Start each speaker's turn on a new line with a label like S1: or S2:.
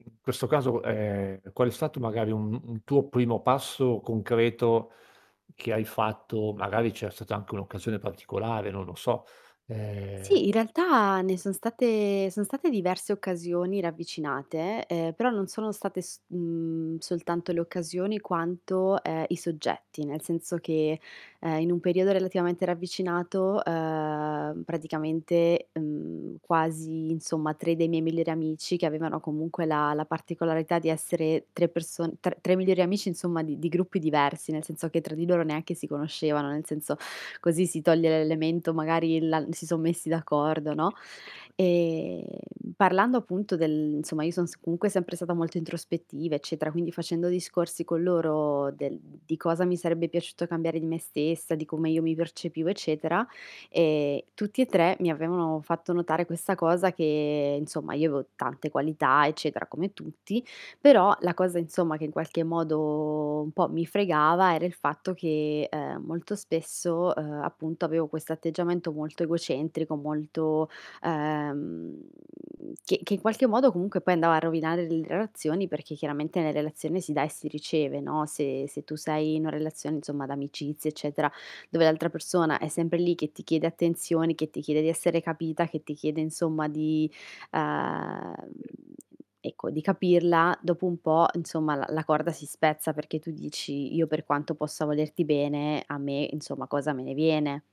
S1: In questo caso, ehm, qual è stato magari un un tuo primo passo concreto che hai fatto? Magari c'era stata anche un'occasione particolare, non lo so,
S2: Sì, in
S1: ehm
S2: realtà ne son state son state diverse occasioni ravvicinate, uhm, però non sono state s mhmm, soltanto le occasioni quanto, uhm, i soggetti, nel senso che, eh, in un periodo relativamente ravvicinato, uhm, praticamente, mhmm, quasi, insomma 3 dei miei migliori amici che avevano comunque la la particolarità di essere 3 perso tr 3 migliori amici, insomma, di di gruppi diversi, nel senso che tra di loro neanche si conoscevano, nel senso, così si toglie l'elemento magari la si son messi d'accordo, no,
S1: [unintelligible]
S2: ehm, parlando appunto del insomma, io son s comunque sempre stata molto introspettiva eccetera, quindi facendo discorsi con loro del di cosa mi sarebbe piaciuto cambiare di me stessa, di come io mi percepivo eccetera, ehm, tutti e 3 mi avevano fatto notare questa cosa che, insomma, io avevo tante qualità eccetera come tutti, però la cosa, insomma, che in qualche modo un po' mi fregava era il fatto che, uhm, molto spesso, uhm, appunto avevo questo atteggiamento molto egocentrico, molto, uhm che che in qualche modo comunque poi andava a rovinare le relazioni, perché chiaramente nella relazione si dà e si riceve, no, se se tu sei in una relazione, insomma, d'amicizia eccetera, dove l'altra persona è sempre lì che ti chiede attenzioni, che ti chiede di essere capita, che ti chiede, insomma di, uhm, ecco di capirla, dopo un po', insomma, l la corda si spezza perché tu dici: "Io per quanto possa volerti bene a me, insomma, cosa me ne viene?"